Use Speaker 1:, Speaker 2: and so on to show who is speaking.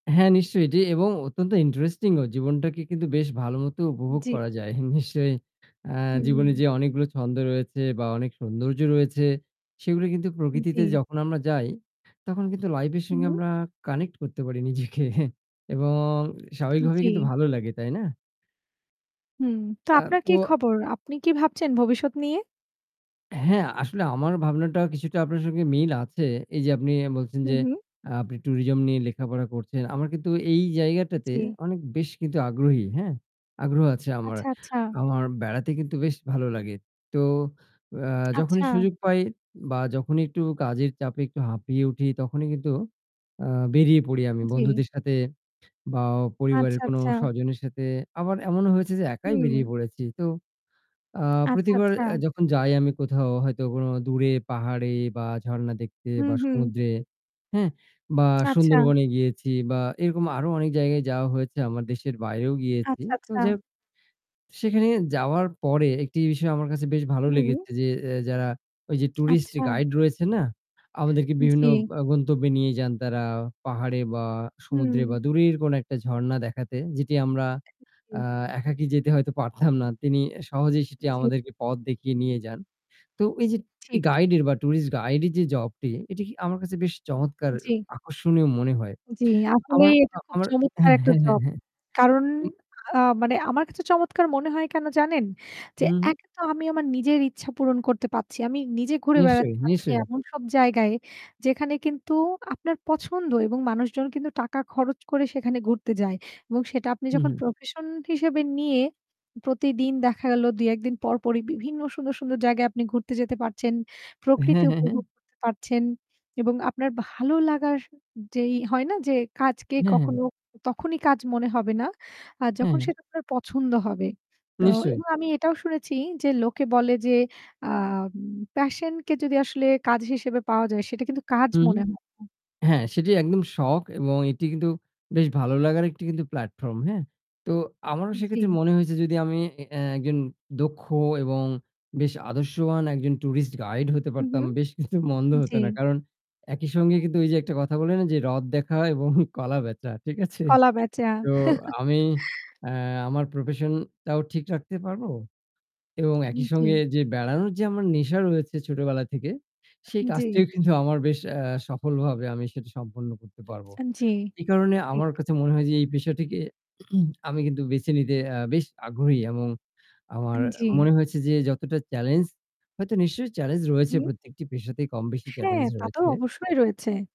Speaker 1: হ্যাঁ, নিশ্চয়ই এটি এবং অত্যন্ত ইন্টারেস্টিং ও জীবনটাকে কিন্তু বেশ ভালোমতো উপভোগ
Speaker 2: জ্বী।
Speaker 1: করা যায়। হু, নিশ্চয়ই আ জীবনে
Speaker 2: হুম।
Speaker 1: যে অনেকগুলো ছন্দ রয়েছে বা অনেক সৌন্দর্য রয়েছে সেগুলো কিন্তু প্রকৃতিতে
Speaker 2: জ্বী।
Speaker 1: যখন আমরা যাই তখন কিন্তু লাইফ এর
Speaker 2: উ
Speaker 1: সঙ্গে
Speaker 2: হুম।
Speaker 1: আমরা কানেক্ট করতে পারি নিজেকে এবং স্বাভাবিকভাবে কিন্তু
Speaker 2: জ্বী।
Speaker 1: ভালো লাগে তাই না?
Speaker 2: হুঁ, তো
Speaker 1: আ
Speaker 2: আপনার কী
Speaker 1: ও
Speaker 2: খবর? আপনি কি ভাবছেন ভবিষ্যৎ নিয়ে?
Speaker 1: হ্যাঁ, আসলে আমার ভাবনাটা কিছুটা আপনার সঙ্গে মিল আছে। এই যে আপনি বলছেন
Speaker 2: হুম,
Speaker 1: যে
Speaker 2: হুম।
Speaker 1: আ আপনি টুরিজম নিয়ে লেখাপড়া করছেন। আমার কিন্তু এই জায়গাটাতে
Speaker 2: জ্বী।
Speaker 1: অনেক বেশ কিন্তু আগ্রহী হ্যাঁ? আগ্রহ আছে আমার।
Speaker 2: আচ্ছা, আচ্ছা।
Speaker 1: আমার বেড়াতে কিন্তু বেশ ভালো লাগে। তো এ্যা যখনই
Speaker 2: আচ্ছা।
Speaker 1: সুযোগ পাই বা যখনই একটু কাজের চাপে একটু হাঁপিয়ে উঠি তখনই কিন্তু আ বেরিয়ে পড়ি আমি
Speaker 2: জী।
Speaker 1: বন্ধুদের সাথে বা
Speaker 2: আচ্ছা,
Speaker 1: পরিবারের কোন
Speaker 2: আচ্ছা।
Speaker 1: স্বজনের সাথে আবার এমনও হয়েছে যে একাই বেরিয়ে
Speaker 2: হুম।
Speaker 1: পড়েছি। তো আ
Speaker 2: আচ্ছা,
Speaker 1: প্রতিবার
Speaker 2: আচ্ছা।
Speaker 1: এ্যা যখন যাই আমি কোথাও হয়তো কোন দূরে পাহাড়ে বা ঝরণা দেখতে
Speaker 2: হুম,
Speaker 1: বা
Speaker 2: হুম।
Speaker 1: সমুদ্রে, হ্যাঁ? বা
Speaker 2: আচ্ছা।
Speaker 1: সুন্দরবনে গিয়েছি বা এরকম আরো অনেক জায়গায় যাওয়া হয়েছে আমার দেশের বাইরেও গিয়েছি।
Speaker 2: আচ্ছা,
Speaker 1: তো
Speaker 2: আচ্ছা।
Speaker 1: যাই হোক সেখানে যাওয়ার পরে একটি বিষয় আমার কাছে বেশ ভালো
Speaker 2: হুম।
Speaker 1: লেগেছে যে এ্যা যারা ওই যে টুরিস্ট
Speaker 2: আচ্ছা।
Speaker 1: গাইড রয়েছে না আমাদেরকে বিভিন্ন
Speaker 2: জ্বী।
Speaker 1: আ গন্তব্যে নিয়ে যান তারা পাহাড়ে বা সমুদ্রে
Speaker 2: হুম।
Speaker 1: বা দূরের কোনো একটা ঝরণা দেখাতে যেটি আমরা
Speaker 2: উ
Speaker 1: আ
Speaker 2: জি।
Speaker 1: একাকী যেতে হয়তো পারতাম না। তিনি এ্যা সহজেই সেটি
Speaker 2: জ্বী।
Speaker 1: আমাদেরকে পথ দেখিয়ে নিয়ে যান। তো এই যে
Speaker 2: ঠিক।
Speaker 1: গাইড এর বা টুরিস্ট গাইড এর যে জব টি এটি কি আমার কাছে বেশ চমৎকার
Speaker 2: জ্বী।
Speaker 1: আকর্ষণীয় মনে হয়।
Speaker 2: জ্বি,
Speaker 1: আমার
Speaker 2: আসলেই এটা
Speaker 1: আ
Speaker 2: খুব
Speaker 1: আমার
Speaker 2: চমৎকার
Speaker 1: হ্যাঁ,
Speaker 2: একটা
Speaker 1: হ্যাঁ,
Speaker 2: জব।
Speaker 1: হ্যাঁ।
Speaker 2: কারণ
Speaker 1: উ
Speaker 2: আ মানে আমার কাছে চমৎকার মনে হয় কেন জানেন? যে
Speaker 1: হু, হুম।
Speaker 2: এক তো আমি আমার নিজের ইচ্ছা পূরণ করতে পারছি। আমি নিজে ঘুরে
Speaker 1: নিশ্চয়ই,
Speaker 2: বেড়াতে পারছি
Speaker 1: নিশ্চয়ই।
Speaker 2: এমন সব জায়গায় যেখানে কিন্তু আপনার পছন্দ এবং মানুষজন কিন্তু টাকা খরচ করে সেখানে ঘুরতে যায় এবং সেটা আপনি
Speaker 1: হুম,
Speaker 2: যখন
Speaker 1: হুম।
Speaker 2: প্রফেশন হিসেবে নিয়ে প্রতিদিন দেখা গেল ২-১ দিন পর, পরই বিভিন্ন সুন্দর, সুন্দর জায়গায় আপনি ঘুরতে যেতে পারছেন।
Speaker 1: হ্যাঁ,
Speaker 2: প্রকৃতি
Speaker 1: হ্যাঁ, হ্যাঁ।
Speaker 2: উপভোগ করতে পারছেন। এবং আপনার ভালো লাগার যেই হয় না যে কাজকে
Speaker 1: হ্যাঁ, হ্যাঁ,
Speaker 2: কখনো তখনই কাজ মনে হবে না। আর
Speaker 1: হ্যাঁ,
Speaker 2: যখন
Speaker 1: হ্যাঁ,
Speaker 2: সেটা আপনার পছন্দ হবে। তো
Speaker 1: নিশ্চয়ই।
Speaker 2: এবং আমি এটাও শুনেছি যে লোকে বলে যে আম প্যাশন কে যদি আসলে কাজ হিসেবে পাওয়া যায় সেটা কিন্তু কাজ
Speaker 1: হু,
Speaker 2: মনে
Speaker 1: হুম।
Speaker 2: হবে না।
Speaker 1: হ্যাঁ, সেটি একদম শখ এবং এটি কিন্তু বেশ ভালো লাগার কিন্তু প্লাটফর্ম হ্যাঁ? তো আমারও সেক্ষেত্রে
Speaker 2: জ্বী।
Speaker 1: মনে হয়েছে যদি আমি এ একজন দক্ষ এবং বেশ আদর্শবান একজন টুরিস্ট গাইড হতে
Speaker 2: হু, হু।
Speaker 1: পারতাম বেশ কিন্তু মন্দ হত
Speaker 2: জ্বী।
Speaker 1: না। কারণ একই সঙ্গে কিন্তু ওই যে একটা কথা বলে না যে রথ দেখা হয় এবং কলা বেচা। ঠিক আছে?
Speaker 2: কলা বেচা।
Speaker 1: তো আমি এ্যা আমার প্রফেশন টাও ঠিক রাখতে পারবো? এবং
Speaker 2: আ
Speaker 1: একই সঙ্গে
Speaker 2: জী।
Speaker 1: যে বেড়ানোর যে আমার নেশা রয়েছে ছোটবেলা থেকে সেই
Speaker 2: জ্বি।
Speaker 1: কাজটিও কিন্তু আমার বেশ আ সফলভাবে আমি সেটা সম্পন্ন করতে পারব।
Speaker 2: আ জ্বি,
Speaker 1: এই কারণে
Speaker 2: ঠিক।
Speaker 1: আমার কাছে মনে হয় যে এই পেশাটিকে আমি কিন্তু বেছে নিতে আ বেশ আগ্রহী এবং
Speaker 2: আ
Speaker 1: আমার
Speaker 2: জ্বী।
Speaker 1: মনে হয়েছে যে যতটা চেলেঞ্জ হয়তো নিশ্চয়ই চেলেঞ্জ রয়েছে,
Speaker 2: হুম।
Speaker 1: প্রত্যেকটি পেশাতে কম বেশি
Speaker 2: হ্যাঁ,
Speaker 1: চেলেঞ্জ
Speaker 2: তা তো
Speaker 1: রয়েছে।
Speaker 2: অবশ্যই রয়েছে।